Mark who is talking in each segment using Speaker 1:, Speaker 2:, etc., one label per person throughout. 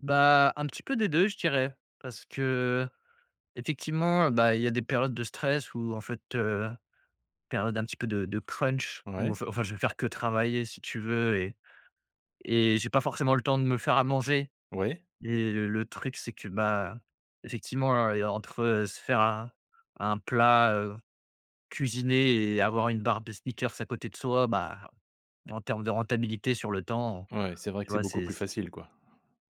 Speaker 1: Bah, un petit peu des 2, je dirais, parce que, effectivement, bah, il y a des périodes de stress où, en fait, heu périodes un petit peu de de crunch ou
Speaker 2: Ouais.
Speaker 1: enfin enfin je vais faire que travailler, si tu veux, et et j'ai pas forcément le temps de me faire à manger.
Speaker 2: Oui.
Speaker 1: Et le truc, c'est que, bah, effectivement, hein, et entre se faire un un plat, heu, cuisiné et avoir une barre de Snickers à côté de soi, bah, en terme de rentabilité sur le temps, heu,
Speaker 2: Ouais, c'est vrai
Speaker 1: tu
Speaker 2: que c'est
Speaker 1: vois,
Speaker 2: beaucoup
Speaker 1: c'est
Speaker 2: plus
Speaker 1: c
Speaker 2: facile, quoi.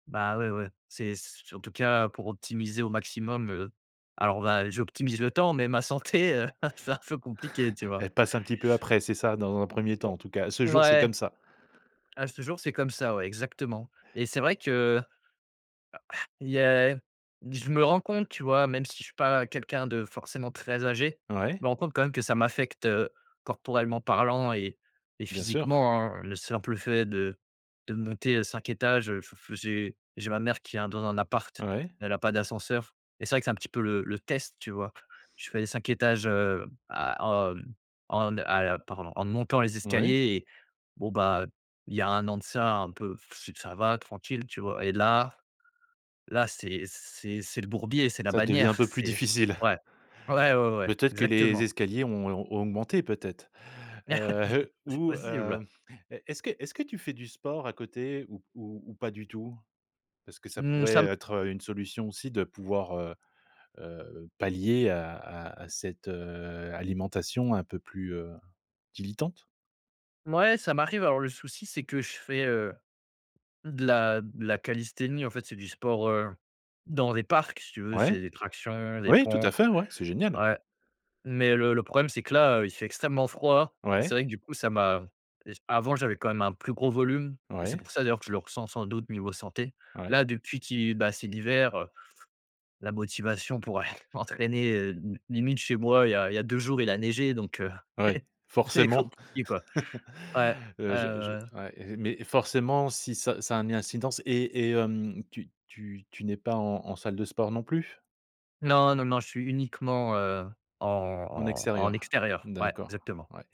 Speaker 1: Ben, ouais, ouais. C'est c' en tout cas, pour optimiser au maximum, heu. Alors, on va j'optimise le temps, mais ma santé, heu, ah c'est un peu compliqué, tu vois.
Speaker 2: Elle passe un petit peu après, c'est ça? Dans un 1er temps, en tout
Speaker 1: [unintelligible]
Speaker 2: cas? À ce jour, c'est
Speaker 1: Ouais.
Speaker 2: comme ça?
Speaker 1: À ce jour, c'est comme ça, ouais, exactement. Et c'est vrai que a il y a je me rends compte, tu vois, même si je suis pas quelqu'un de forcément très âgé, je
Speaker 2: Ouais.
Speaker 1: me rends compte, quand même, que ça m'affecte, heu, corporellement parlant et et
Speaker 2: Bien sûr.
Speaker 1: physiquement, hein. Le simple fait de de monter heu, 5 étages, heu, j f j'ai j'ai ma mère qui est un dans un appart,
Speaker 2: Ouais.
Speaker 1: elle a pas d'ascenseur et c'est vrai que c'est un petit peu le le test, tu vois. Je fais les 5 étages, heu, à hem, en à hem pardon en ne montant les
Speaker 2: Oui.
Speaker 1: escaliers et, bon bah, il y a 1 an de ça, un peu, ça va tranquille, tu vois. Et là là, c'est c'est c'est le bourbier, c'est la
Speaker 2: Ça devient un
Speaker 1: bannière.
Speaker 2: peu plus
Speaker 1: C'est
Speaker 2: difficile.
Speaker 1: ouais, ouais, ouais, ouais,
Speaker 2: Peut-être que les
Speaker 1: exactement.
Speaker 2: escaliers ont et ont ont augmenté, peut-être? Heu,
Speaker 1: C'est
Speaker 2: ou heu
Speaker 1: possible.
Speaker 2: e est-ce que est-ce que tu fais du sport à côté ou p ou ou pas du tout? Parce que ça
Speaker 1: Mmh, ça
Speaker 2: pourrait,
Speaker 1: m
Speaker 2: heu, être, heu, une solution, aussi, de pouvoir, heu heu, pallier à à à cette, heu, alimentation un peu plus, heu, dilettante?
Speaker 1: Mouais, ça m'arrive. Alors le souci, c'est que je fais, heu, de la de la callisthénie. En fait, c'est du sport, heu, dans les parcs, si tu veux,
Speaker 2: Ouais,
Speaker 1: c'est des tractions, des
Speaker 2: oui, tout
Speaker 1: pompes.
Speaker 2: à fait, ouais, c'est génial!
Speaker 1: Ouais. Mais le le problème, c'est que là, heu, il fait extrêmement froid. Et c'est
Speaker 2: Ouais.
Speaker 1: vrai que, du coup, ça m'a et c avant, j'avais quand même un plus gros volume et c'est
Speaker 2: Ouais.
Speaker 1: pour ça, d'ailleurs, que je le ressens, sans doute, niveau santé.
Speaker 2: Ouais.
Speaker 1: Là, depuis qu'il bah, c'est l'hiver, heu, la motivation pourrait entraîner, heu limite chez moi, il y a il y a 2 jours, il a neigé, donc, heu
Speaker 2: Ouais,
Speaker 1: c'est
Speaker 2: forcément.
Speaker 1: compliqué,, quoi. Ouais. Ouais,
Speaker 2: Heu,
Speaker 1: ouais,
Speaker 2: je je
Speaker 1: ouais.
Speaker 2: ouais, mais, forcément, si, ça ça a un ni incidence et et, hem, tu tu tu n'es pas en en salle de sport, non plus?
Speaker 1: Non, non, non, je suis uniquement, heu, en
Speaker 2: En
Speaker 1: en en
Speaker 2: extérieur.
Speaker 1: extérieur. Ouais,
Speaker 2: D'accord.
Speaker 1: exactement.
Speaker 2: Ouais.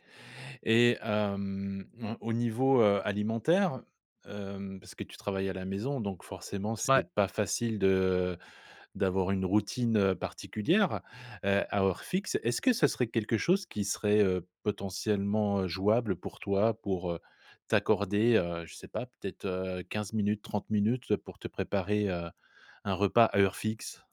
Speaker 2: Et, hem, on au niveau, heu, alimentaire, hem parce que tu travailles à la maison, donc, forcément, c'est
Speaker 1: Ouais.
Speaker 2: pas facile de d'avoir une routine, heu, particulière, heu, à heure fixe. Est-ce que ce serait quelque chose qui serait, heu, potentiellement, heu, jouable pour toi, pour, heu, t'accorder, heu, je sais pas, peut-être, heu 15 minutes, 30 minutes pour te préparer, heu, un repas à heure fixe?